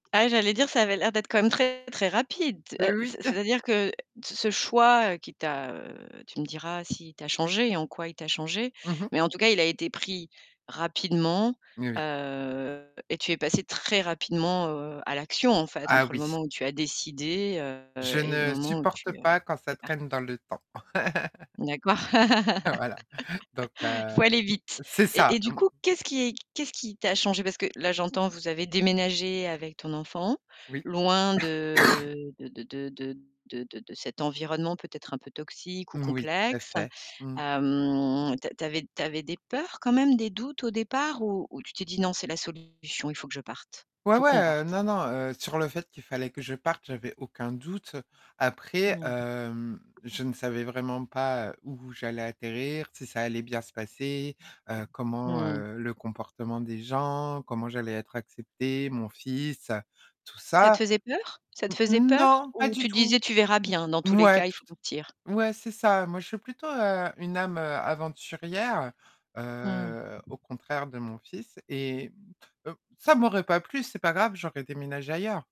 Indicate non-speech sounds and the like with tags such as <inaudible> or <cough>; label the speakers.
Speaker 1: Ah j'allais dire ça avait l'air d'être quand même très, très rapide. Heu, c
Speaker 2: Oui. <chuckles>
Speaker 1: c'est-à-dire que t ce choix, heu, qui t'a, heu, tu me diras si il t'a changée et en quoi il t'a changée
Speaker 2: Mmh mh.
Speaker 1: mais en tout cas il a été pris rapidement,
Speaker 2: Oui.
Speaker 1: heu et tu es passée très rapidement, heu, à l'action en fait,
Speaker 2: Ah
Speaker 1: entre le
Speaker 2: oui.
Speaker 1: moment où tu as décidé, heu
Speaker 2: Je
Speaker 1: et le
Speaker 2: ne
Speaker 1: moment où tu,
Speaker 2: supporte
Speaker 1: heu,
Speaker 2: pas quand ça
Speaker 1: es partie.
Speaker 2: traîne dans le temps.
Speaker 1: D'accord.
Speaker 2: <laughs> Voilà donc
Speaker 1: <laughs>
Speaker 2: heu,
Speaker 1: Faut aller vite
Speaker 2: c'est
Speaker 1: et
Speaker 2: ça.
Speaker 1: et du
Speaker 2: Mmh.
Speaker 1: coup, qu'est-ce qui est qu'est-ce qui t'a changée? Parce que là j'entends, vous avez déménagé avec ton enfant,
Speaker 2: Oui.
Speaker 1: loin
Speaker 2: <coughs>
Speaker 1: de de de de de de de de cet environnement peut-être un peu toxique ou
Speaker 2: Moui, tout à
Speaker 1: complexe.
Speaker 2: fait. Mmh.
Speaker 1: Hem, tu a tu avais tu avais des peurs quand même? Des doutes, au départ, ou ou tu t'es dit: «Non c'est la solution, il faut que je parte,
Speaker 2: Ouais,
Speaker 1: faut
Speaker 2: ouais,
Speaker 1: qu'on
Speaker 2: heu,
Speaker 1: parte»?
Speaker 2: non non, heu, sur le fait qu'il fallait que je parte, j'avais aucun doute. Après,
Speaker 1: Mmh.
Speaker 2: hem, je ne savais vraiment pas, heu, où j'allais atterrir, si ça allait bien se passer, heu, comment,
Speaker 1: Mmh.
Speaker 2: heu le comportement des gens, comment j'allais être acceptée, mon fils, heu, tout
Speaker 1: Ça te
Speaker 2: ça.
Speaker 1: faisait peur? Ça te faisait
Speaker 2: Mmh
Speaker 1: peur
Speaker 2: non, pas
Speaker 1: ou
Speaker 2: du
Speaker 1: tu te
Speaker 2: tout.
Speaker 1: disais: «Tu verras bien dans tous les
Speaker 2: Mouais,
Speaker 1: cas, il faut
Speaker 2: toute
Speaker 1: partir»?
Speaker 2: ouais, c'est ça. Moi je suis plutôt, heu, une âme, heu, aventurière,
Speaker 1: Mmh.
Speaker 2: heu, au contraire de mon fils et heu, ça m'aurait pas plu, c'est pas grave, j'aurais déménagé ailleurs.